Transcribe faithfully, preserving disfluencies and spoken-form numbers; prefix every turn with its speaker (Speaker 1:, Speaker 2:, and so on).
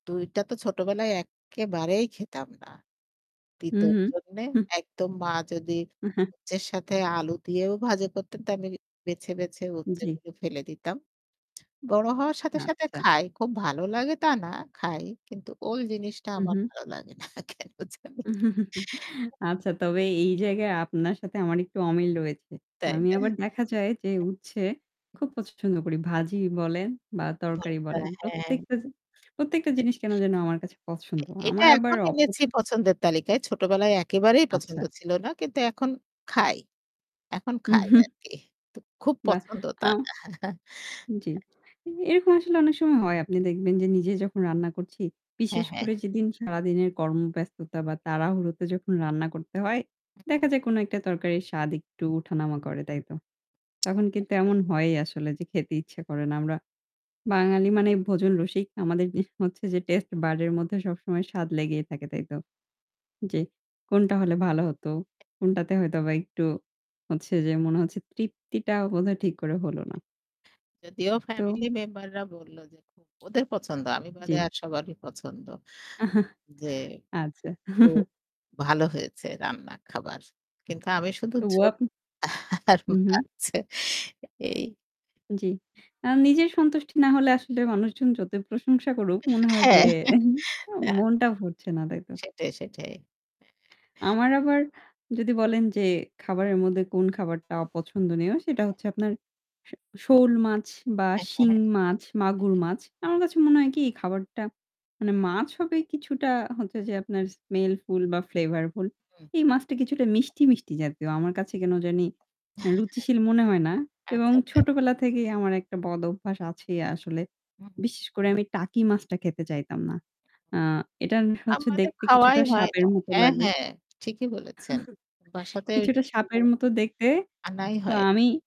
Speaker 1: দুই টা তো ছোটবেলায় এক্কেবারেই খেতাম না।
Speaker 2: হুম,
Speaker 1: তিতোর
Speaker 2: হুম।
Speaker 1: জন্যে।
Speaker 2: হুম।
Speaker 1: একদম মা যদি
Speaker 2: এ হ্যা।
Speaker 1: উচ্ছের সাথে আলু দিয়েও ভাজি করতেন, তা আমি বেছে, বেছে উচ্ছে
Speaker 2: জ্বী।
Speaker 1: গুলো ফেলে দিতাম। বড় হওয়ার সাথে, সাথে
Speaker 2: আচ্ছা।
Speaker 1: খাই। খুব ভালো লাগে তা না, খাই। কিন্তু ওই জিনিসটা
Speaker 2: হুম,
Speaker 1: আমার
Speaker 2: হুম।
Speaker 1: ভালো লাগে না কেন জানি।
Speaker 2: আচ্ছা তবে এই জায়গায় আপনার সাথে আমার একটু অমিল রয়েছে।
Speaker 1: তাই
Speaker 2: আমি
Speaker 1: না?
Speaker 2: আবার দেখা যায় যে উচ্ছে খুব
Speaker 1: [unintelligible]
Speaker 2: পছন্দ করি। ভাজি বলেন বা তরকারি
Speaker 1: ঘরটা,
Speaker 2: বলেন।
Speaker 1: হ্যাঁ।
Speaker 2: প্রত্যেকটা জি প্রত্যেকটা
Speaker 1: তে
Speaker 2: জিনিস কেনো যেন আমার কাছে
Speaker 1: এ
Speaker 2: পছন্দ।
Speaker 1: এটা
Speaker 2: আমার আবার
Speaker 1: এখন
Speaker 2: অপছ
Speaker 1: এনেছি পছন্দের তালিকায়। ছোটবেলায় একেবারেই
Speaker 2: আচ্ছা।
Speaker 1: পছন্দ ছিল না। কিন্তু এখন খাই। এখন
Speaker 2: উ
Speaker 1: খাই
Speaker 2: হু।
Speaker 1: আরকি। তো খুব
Speaker 2: বাহ!
Speaker 1: পছন্দ তা
Speaker 2: আও
Speaker 1: না।
Speaker 2: জ্বি।
Speaker 1: হ্যাঁ।
Speaker 2: এ এরকম আসলে অনেক সময় হয়। আপনি দেখবেন যে নিজে
Speaker 1: হুম।
Speaker 2: যখন রান্না করছি,
Speaker 1: হ্যাঁ,
Speaker 2: বিশেষ
Speaker 1: হ্যাঁ।
Speaker 2: করে যেদিন সারাদিনের কর্মব্যস্ততা বা তাড়াহুড়োতে যখন রান্না করতে হয়, দেখা যায় কোনো একটা তরকারির স্বাদ একটু উঠা-নামা করে, তাইতো? তখন কিন্তু
Speaker 1: একদম।
Speaker 2: এমন হয়ই আসলে যে খেতে ইচ্ছা করে না। আমরা বাঙালি মানে ভোজন রসিক। আমাদের ই হচ্ছে যে taste bud এর মধ্যে সবসময় স্বাদ লেগেই থাকে তাইতো? যে কোনটা হলে ভালো হত?
Speaker 1: [unintelligible]
Speaker 2: কোনটাতে হয়তোবা একটু হচ্ছে যে মনে হচ্ছে তৃপ্তিটা বোধহয় ঠিক করে হল না?
Speaker 1: যদিও
Speaker 2: তো
Speaker 1: ফ্যামিলি মেম্বাররা বলল যে খুব ওদের পছন্দ। আমি
Speaker 2: জ্বী।
Speaker 1: বাদে আর সবারই পছন্দ। যে খুব
Speaker 2: আচ্ছা।
Speaker 1: ভালো হয়েছে রান্না খাবার। কিন্তু আমি শুধু ঝোল
Speaker 2: [unintelligible]
Speaker 1: আর
Speaker 2: হু, হু।
Speaker 1: মাছ এই।
Speaker 2: জ্বি। আ নিজের সন্তুষ্টি না হলে আসলে মানুষজন যতই প্রশংসা করুক মনে হয় যে
Speaker 1: হ্যাঁ। না।
Speaker 2: মনটা ভরছে না, তাইতো?
Speaker 1: সেটাই, সেটাই। হ্যাঁ।
Speaker 2: আমার আবার যদি বলেন যে খাবারের মধ্যে কোন খাবারটা অপছন্দনীয়? সেটা
Speaker 1: হ্যাঁ।
Speaker 2: হচ্ছে আপনার শ শৌল মাছ বা
Speaker 1: হ্যাঁ, হ্যাঁ,
Speaker 2: শিং
Speaker 1: হ্যাঁ। হ্যাঁ,
Speaker 2: মাছ, মাগুর
Speaker 1: হ্যাঁ।
Speaker 2: মাছ। আমার কাছে মনে হয় কি খাবারটা মানে মাছ হবে কিছুটা হচ্ছে যে আপনার smellfull বা flavorful.
Speaker 1: হুম।
Speaker 2: এই মাছটা কিছুটা মিষ্টি, মিষ্টি জাতীয়। আমার কাছে কেনো জানি অ্যা রুচিশীল মনে হয় না।
Speaker 1: হ্যাঁ।
Speaker 2: এবং
Speaker 1: আচ্ছা, আচ্ছা।
Speaker 2: ছোটবেলা থেকেই আমার একটা বদঅভ্যাস আছেই আসলে।
Speaker 1: হুম।
Speaker 2: বিশেষ করে আমি টাকি মাছটা খেতে চাইতাম না। আ এটান হচ্ছে
Speaker 1: আমাদের
Speaker 2: দেখতে কিছুটা
Speaker 1: খাওয়াই হয়
Speaker 2: সাপের
Speaker 1: না।
Speaker 2: মত
Speaker 1: হ্যাঁ,
Speaker 2: লাগে।
Speaker 1: হ্যাঁ, ঠিকই বলেছেন। বাসাতে
Speaker 2: কিছুটা সাপের
Speaker 1: [unintelligible]
Speaker 2: মত দেখতে।
Speaker 1: আনাই
Speaker 2: তো
Speaker 1: হয়।
Speaker 2: আমি